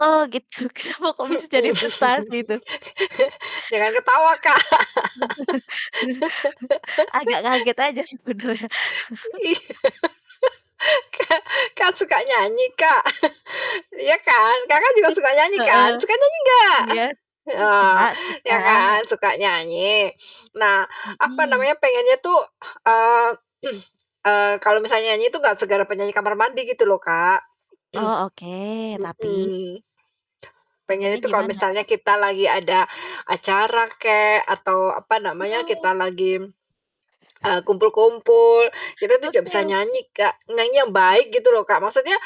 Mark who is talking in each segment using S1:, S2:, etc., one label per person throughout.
S1: Oh gitu, kenapa kok bisa jadi
S2: Mhm,
S1: frustasi itu?
S2: Jangan ketawa Kak.
S1: Agak kaget aja sebenarnya.
S2: Iya, ka kan suka nyanyi Kak. Iya kan? Kakak juga
S1: Eee.
S2: suka nyanyi kan?
S1: Heeh.
S2: Suka nyanyi nggak?
S1: Iya. Suka
S2: Oh,
S1: suka.
S2: ya kan. Suka nyanyi. Nah, apa
S1: Mhm.
S2: namanya, pengennya tuh, eee, eee, kalau misalnya nyanyi itu nggak segala penyanyi kamar mandi gitu loh Kak.
S1: Oh oke, tapi
S2: Mhm. Pengennya
S1: Pengennya
S2: tuh kalau
S1: gimana?
S2: misalnya kita lagi ada acara kek, atau apa namanya,
S1: Oh
S2: kita lagi, eee, kumpul-kumpul kita itu nggak
S1: Oke
S2: bisa
S1: oke.
S2: nyanyi Kak. Nyanyi yang baik gitu loh Kak, maksudnya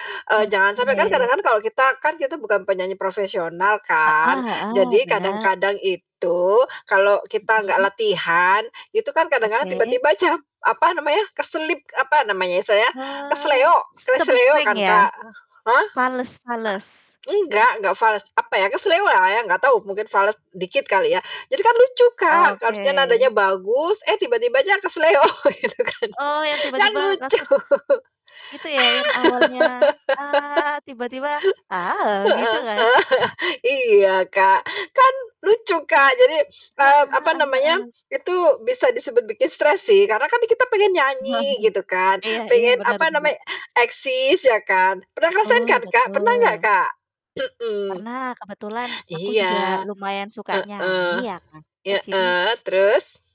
S2: jangan sampai kan
S1: Oke.
S2: kadang-kadang kan kalau kita, kan kita bukan penyanyi profesional kan.
S1: Heeh heeh,
S2: Jadi
S1: benar.
S2: kadang-kadang itu, kalau kita nggak
S1: Mhm.
S2: latihan, itu kan kadang-kadang,
S1: Oke.
S2: tiba-tiba ca apa namanya, keselip, apa namanya ya, sa ya,
S1: Wah,
S2: keseleo
S1: s
S2: keseleo
S1: cempreng
S2: kan
S1: ya?
S2: Kak. Hah?
S1: Fales fales?
S2: A enggak enggak fales, apa ya, keseleo lah ya, enggak tahu mungkin fals, dikit kali ya. Jadi kan lucu Kak, harusnya nadanya
S1: Oke.
S2: bagus, eh tiba-tiba aja keseleo gitu kan.
S1: Oh yang
S2: Kan
S1: tiba-tiba
S2: lucu.
S1: langsung itu ya yang awalnya, "a" tiba-tiba, "a" gitu
S2: Heeh.
S1: kan?
S2: Iya kak, kan lucu Kak, jadi, eee,
S1: Heeh
S2: apa
S1: heeh
S2: namanya,
S1: heeh.
S2: itu bisa disebut bikin stres sih, karena kan nih kita pengen nyanyi gitu kan,
S1: Iya iya,
S2: pengen
S1: benar
S2: apa
S1: benar.
S2: namanya, eksis ya kan, pernah ngerasain
S1: Betul
S2: kan Kak, pernah nggak
S1: betul.
S2: Kak? Mhm.
S1: Pernah, kebetulan aku
S2: Iya.
S1: juga lumayan suka
S2: Heeh,
S1: nyanyi ya Kak, jadi
S2: heeh, terus?